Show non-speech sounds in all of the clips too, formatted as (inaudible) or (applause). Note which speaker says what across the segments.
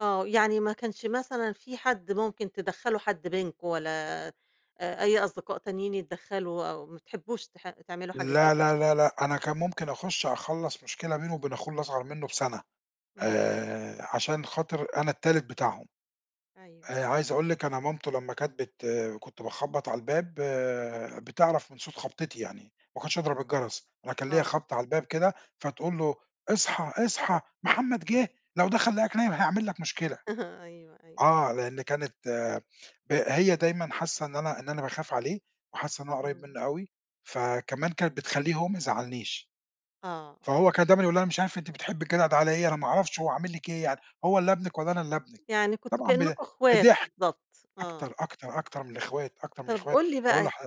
Speaker 1: آه. يعني ما كانش مثلًا في حد ممكن تدّخلوا حد بينكم ولا أ أي أصدقاء تانيين يتدّخلوا أو ما تحبّوش تح تعملوا حاجة زي
Speaker 2: لا،
Speaker 1: كذا.
Speaker 2: لا، لا، لأ، أنا كان ممكن أخُش أخلّص مشكلة بينه وبين أخوه الأصغر منّه بسَنة
Speaker 1: اهم.
Speaker 2: آآ عشان خاطر أنا التالت بتاعهم.
Speaker 1: أيوه.
Speaker 2: آآ عايز أقول لِك أنا مامته لمّا كانت بت كنت باخبّط على الباب، بتعرف من صوت خبطتي يعني، ما كنتش أضرب الجَرس. أنا كان ليّا
Speaker 1: آه.
Speaker 2: خبطة على الباب كده، فتقول له: "اصحى، اصحى محمد جِه، لو دخل لقاك نايم هيعمل لك مشكلة."
Speaker 1: (chuckles) أيوه، أيوه.
Speaker 2: آه. لإن كانت ه هي دايمًا حاسّة إن أنا إن أنا باخاف عليه وحاسّة إن أنا قريّب
Speaker 1: إمم.
Speaker 2: منّه أوي، فكمان كانت بتخلّيه هو ميزعّلنيش.
Speaker 1: آه، آه.
Speaker 2: فهو كان دايمًا يقول لها: "أنا مش عارف أنتِ بتحبّي الجدع ده على إيه، أنا ما أعرفش هو عامل لِك إيه يعني؟ هو اللي ابنِك والّا أنا اللي ابنِك."
Speaker 1: يعني كنتم
Speaker 2: طبعًا ب
Speaker 1: كإنّكم إخوات
Speaker 2: بِضِحك.
Speaker 1: بالضبط،
Speaker 2: أكتر،
Speaker 1: آه.
Speaker 2: أكتر، أكتر من الإخوات، أكتر من
Speaker 1: طَب
Speaker 2: الإخوات.
Speaker 1: قُل لي
Speaker 2: باقول
Speaker 1: بقى،
Speaker 2: لح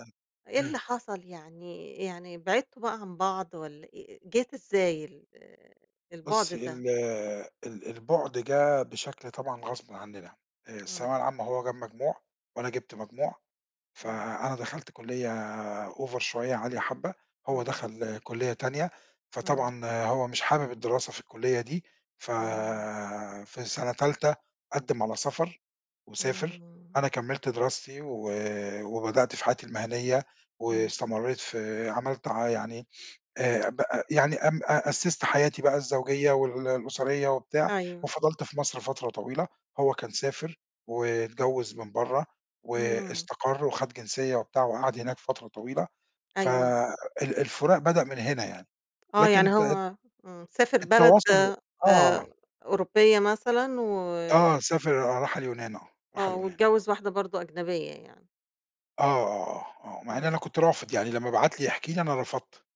Speaker 1: إيه اللي
Speaker 2: إمم.
Speaker 1: حصل؟ يعني يعني بعدتوا بقى عن بعض والّا آآ جات إزاي ال البُعد
Speaker 2: بُصّي،
Speaker 1: ده؟
Speaker 2: ال ال البُعد جِه بشكل طبعًا غصبٍ عنّنا. آآ الثانويه
Speaker 1: إمم.
Speaker 2: العامة هو جاب مجموع وأنا جِبت مجموع،
Speaker 1: إمم.
Speaker 2: فأنا دخلْت كُلّية over شوية، عالية حبّة، هو
Speaker 1: إمم.
Speaker 2: دَخَل كُلّية تانية،
Speaker 1: إمم.
Speaker 2: فطبعًا هو مش حابب الدراسة في الكُلّية دي، ف
Speaker 1: إمم.
Speaker 2: في سَنة تالتة، قدِّم على سَفَر وسافر.
Speaker 1: إمم.
Speaker 2: أنا كمّلت دراستي و وبدأت في حياتي المهنيّة
Speaker 1: اهم.
Speaker 2: واستمرّيت في عملت ع يعني آآ بقى يعني أم أ أسِّست حياتي بقى الزوجية وال الأسرية وبتاع
Speaker 1: أيوه.
Speaker 2: وفضلت في مصر فترة طويلة. هو كان سافر واتجوّز من برّه
Speaker 1: إمم.
Speaker 2: واستقر وخَد جنسية وبتاع وقعد هناك فترة طويلة، ف
Speaker 1: أيوه.
Speaker 2: ال الفُراق بدأ من هنا يعني.
Speaker 1: آه.
Speaker 2: لكن
Speaker 1: يعني
Speaker 2: ت
Speaker 1: هو إمم، سافر بلد
Speaker 2: التواصل
Speaker 1: آآ
Speaker 2: آه.
Speaker 1: أوروبية مثلًا و
Speaker 2: آه سافر، آه راح اليونان آه، راح
Speaker 1: آه.
Speaker 2: اليونان.
Speaker 1: واتجوّز واحدة برضه أجنبية يعني.
Speaker 2: آه، آه، آه، آه. مع إن أنا
Speaker 1: إمم.
Speaker 2: كنت رافض، يعني لمّا بعت لي يحكي لي، أنا رفضت.